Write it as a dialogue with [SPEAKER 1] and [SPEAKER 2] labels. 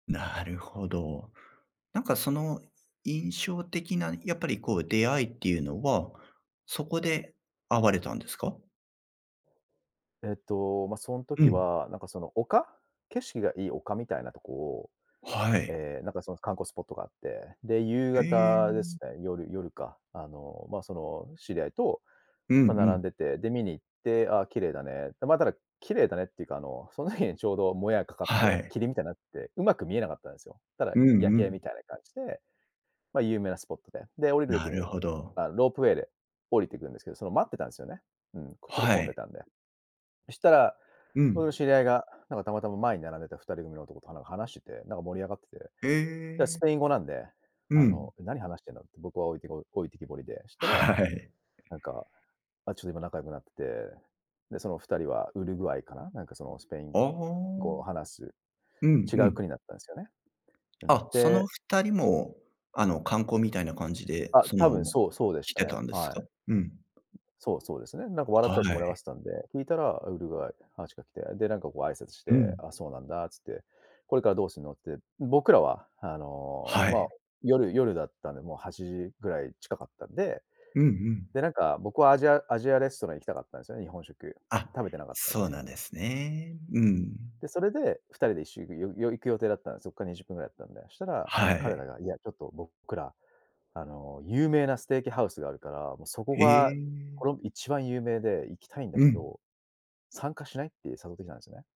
[SPEAKER 1] なるほど。なんかその印象的なやっぱりこう出会いっていうのは、そこで会われたんですか？
[SPEAKER 2] えっと、まあ、そん
[SPEAKER 1] う
[SPEAKER 2] 時
[SPEAKER 1] ん。
[SPEAKER 2] はなんかその丘景色がいい丘みたいなとこを、
[SPEAKER 1] はい。
[SPEAKER 2] ええなんかその観光スポットがあって、で、夕方です
[SPEAKER 1] ええ
[SPEAKER 2] ね、夜夜か。あの、まあ、その知り合いと、
[SPEAKER 1] うんう
[SPEAKER 2] まあ並
[SPEAKER 1] ん。
[SPEAKER 2] んでて、で見に行って、ああ綺麗だねまあ、ただ、綺麗だねっていうかあのその日にちょうどもやがかかって
[SPEAKER 1] は
[SPEAKER 2] て、
[SPEAKER 1] い。
[SPEAKER 2] 霧みたいになってて、上手く見えなかったんですよ。ただい
[SPEAKER 1] うん
[SPEAKER 2] 夜
[SPEAKER 1] う
[SPEAKER 2] 景み
[SPEAKER 1] ん。
[SPEAKER 2] たいな感じで、ま、有名なスポットで、で、降りる時
[SPEAKER 1] なる
[SPEAKER 2] に
[SPEAKER 1] ほど。
[SPEAKER 2] ああ、ロープウェイで降りていくんですけど、その待ってたんですよね。うん、ちょっと
[SPEAKER 1] は
[SPEAKER 2] 混んで
[SPEAKER 1] い。
[SPEAKER 2] たんで。そしたら、
[SPEAKER 1] う
[SPEAKER 2] そ
[SPEAKER 1] ん。
[SPEAKER 2] の知り合いがなんかたまたま前に並んでた2人組の男とは話してて、なんか盛り上がってて、
[SPEAKER 1] へ
[SPEAKER 2] で、ス
[SPEAKER 1] え。
[SPEAKER 2] ペイン語なんで、
[SPEAKER 1] う
[SPEAKER 2] あ
[SPEAKER 1] ん。
[SPEAKER 2] の、何話してんだって僕は置いて置いてきぼりで、したら、
[SPEAKER 1] はい。
[SPEAKER 2] なんか、あ、ちょっと今仲良くなってて、で、その2人はウルグアイかな、なんかそのスペイン
[SPEAKER 1] ああ。
[SPEAKER 2] 語を話す、
[SPEAKER 1] うん
[SPEAKER 2] 違
[SPEAKER 1] う
[SPEAKER 2] う
[SPEAKER 1] ん。
[SPEAKER 2] 国だったんですよね。うん、
[SPEAKER 1] あ、その
[SPEAKER 2] で
[SPEAKER 1] 二人も、あの、観光みたいな感じで、
[SPEAKER 2] あ、
[SPEAKER 1] そ
[SPEAKER 2] 多
[SPEAKER 1] の、
[SPEAKER 2] 分、そう、そうでし
[SPEAKER 1] 来
[SPEAKER 2] た
[SPEAKER 1] て
[SPEAKER 2] ね、
[SPEAKER 1] たんです
[SPEAKER 2] は
[SPEAKER 1] か？
[SPEAKER 2] い。
[SPEAKER 1] うん。
[SPEAKER 2] そう、そうですね、なんか笑っ
[SPEAKER 1] は
[SPEAKER 2] たりして盛りあがっ
[SPEAKER 1] い。
[SPEAKER 2] てたんで、聞いたらウルグアイ、話しかけて、でなんかこう挨拶し
[SPEAKER 1] う
[SPEAKER 2] て、
[SPEAKER 1] ん。
[SPEAKER 2] ああそうなんだっつって、これからどうすんのって、僕らは、あの、
[SPEAKER 1] は
[SPEAKER 2] まあ、
[SPEAKER 1] い。
[SPEAKER 2] 夜夜だったんで、もう8時ぐらい近かったんで、
[SPEAKER 1] うんうん。
[SPEAKER 2] で、なんか、僕はアジアアジアレストラン行きたかったんですよね、日本食、
[SPEAKER 1] あ、
[SPEAKER 2] 食べてなかったん
[SPEAKER 1] そう
[SPEAKER 2] で
[SPEAKER 1] なんですね。うん。
[SPEAKER 2] で、それで、2人で一緒よより行く予定だったんで、そこから20分ぐらいだったんで。したら、そ
[SPEAKER 1] は
[SPEAKER 2] の彼
[SPEAKER 1] い。
[SPEAKER 2] らが、「いやちょっと僕ら、あの、有名なステーキハウスがあるから、もうそこ
[SPEAKER 1] へ
[SPEAKER 2] が
[SPEAKER 1] え。
[SPEAKER 2] この一番有名で行きたいんだ
[SPEAKER 1] う
[SPEAKER 2] け
[SPEAKER 1] ん。
[SPEAKER 2] ど、参加しない？」って誘ってきたんですよね。